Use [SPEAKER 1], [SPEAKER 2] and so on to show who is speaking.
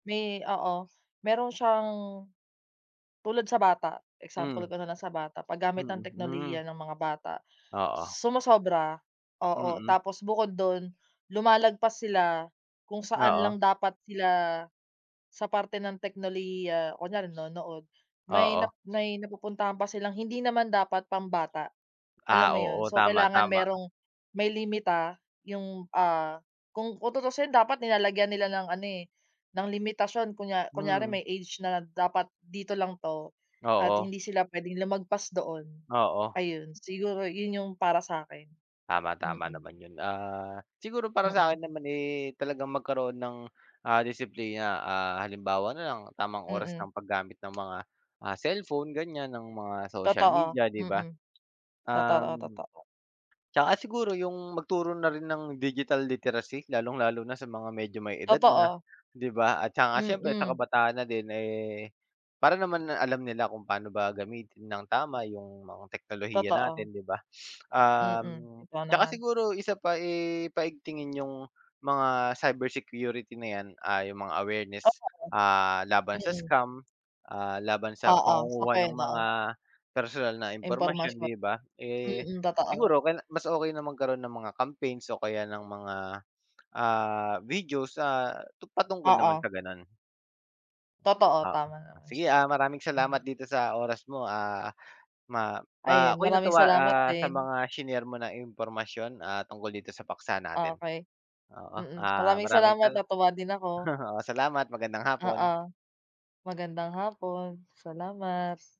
[SPEAKER 1] May oo. Meron siyang, tulad sa bata. Example
[SPEAKER 2] Mm.
[SPEAKER 1] ko na lang sa bata. Paggamit ng
[SPEAKER 2] Mm, hmm.
[SPEAKER 1] teknolohiya ng mga bata.
[SPEAKER 2] Oo.
[SPEAKER 1] Sumosobra, oo.
[SPEAKER 2] Mm.
[SPEAKER 1] Tapos bukod dun lumalagpas sila kung saan
[SPEAKER 2] Oo.
[SPEAKER 1] lang dapat sila sa parte ng teknolohiya, kunwari nanonood, may nap
[SPEAKER 2] Oo.
[SPEAKER 1] may napupuntahan pa silang hindi naman dapat pambata, alam
[SPEAKER 2] Ah,
[SPEAKER 1] mo yun?
[SPEAKER 2] oo.
[SPEAKER 1] So,
[SPEAKER 2] Tama,
[SPEAKER 1] kailangan
[SPEAKER 2] tama.
[SPEAKER 1] merong may limita yung, ah, kung kung tutuusin dapat nilalagyan nila ng ano eh, ng limitasyon, kunya kunyari
[SPEAKER 2] Mm.
[SPEAKER 1] may age na dapat dito lang 'to at
[SPEAKER 2] Oo.
[SPEAKER 1] hindi sila pwedeng lumagpas doon,
[SPEAKER 2] Oo.
[SPEAKER 1] ayun. Siguro yun yung para sa'kin,
[SPEAKER 2] Tama. Tama
[SPEAKER 1] mm.
[SPEAKER 2] naman yun. Ah, siguro para
[SPEAKER 1] Mm.
[SPEAKER 2] sa'kin naman eh talagang magkaroon ng, ah, disiplina. Ah, halimbawa na lang tamang oras
[SPEAKER 1] Mm.
[SPEAKER 2] ng paggamit ng mga, ah, cellphone, ganiyan, ng mga social
[SPEAKER 1] Totoo.
[SPEAKER 2] media, 'di ba?
[SPEAKER 1] Mm. Totoo,
[SPEAKER 2] Um,
[SPEAKER 1] totoo.
[SPEAKER 2] tsaka siguro yung magturo na rin ng digital literacy, lalong-lalo na sa mga medyo may edad na,
[SPEAKER 1] Totoo.
[SPEAKER 2] 'di ba? At saka siyempre sa
[SPEAKER 1] Mm.
[SPEAKER 2] kabataan na din, eh, para naman, ah, alam nila kung paano ba gamitin nang tama yung mga teknolohiya
[SPEAKER 1] Totoo.
[SPEAKER 2] natin, 'di ba?
[SPEAKER 1] Mm.
[SPEAKER 2] Um,
[SPEAKER 1] Ikaw
[SPEAKER 2] tsaka
[SPEAKER 1] naman.
[SPEAKER 2] siguro isa pa eh paigtingin yung mga cybersecurity na yan, ah, yung mga awareness,
[SPEAKER 1] Tama
[SPEAKER 2] ah, laban sa
[SPEAKER 1] rin. Mm.
[SPEAKER 2] scam, ah, laban sa
[SPEAKER 1] Oo, isa pa
[SPEAKER 2] pangunguha ng
[SPEAKER 1] yun, oo.
[SPEAKER 2] mga personal na impormasyon,
[SPEAKER 1] Impormasyon.
[SPEAKER 2] 'di ba? Eh,
[SPEAKER 1] Mm. Totoo.
[SPEAKER 2] siguro okey na mas okey na magkaroon ng mga campaigns o kaya ng mga, ah, videos, ah, tu patungkol naman
[SPEAKER 1] Oo.
[SPEAKER 2] sa ganun.
[SPEAKER 1] Totoo.
[SPEAKER 2] Oo,
[SPEAKER 1] Tama naman
[SPEAKER 2] sige
[SPEAKER 1] siya.
[SPEAKER 2] ah. Maraming
[SPEAKER 1] Hmm.
[SPEAKER 2] salamat dito sa oras mo. Ah ma ma
[SPEAKER 1] Ayun,
[SPEAKER 2] ako'y
[SPEAKER 1] maraming
[SPEAKER 2] natuwa,
[SPEAKER 1] salamat
[SPEAKER 2] ah, sa
[SPEAKER 1] din.
[SPEAKER 2] mga shinare mo na impormasyon, ah, tungkol dito sa paksa natin.
[SPEAKER 1] Okey.
[SPEAKER 2] Oo,
[SPEAKER 1] Mm.
[SPEAKER 2] ah,
[SPEAKER 1] Maraming
[SPEAKER 2] maraming
[SPEAKER 1] salamat,
[SPEAKER 2] sala
[SPEAKER 1] natuwa din ako.
[SPEAKER 2] oo, salamat. Magandang hapon.
[SPEAKER 1] Oo. Magandang hapon. Salamat.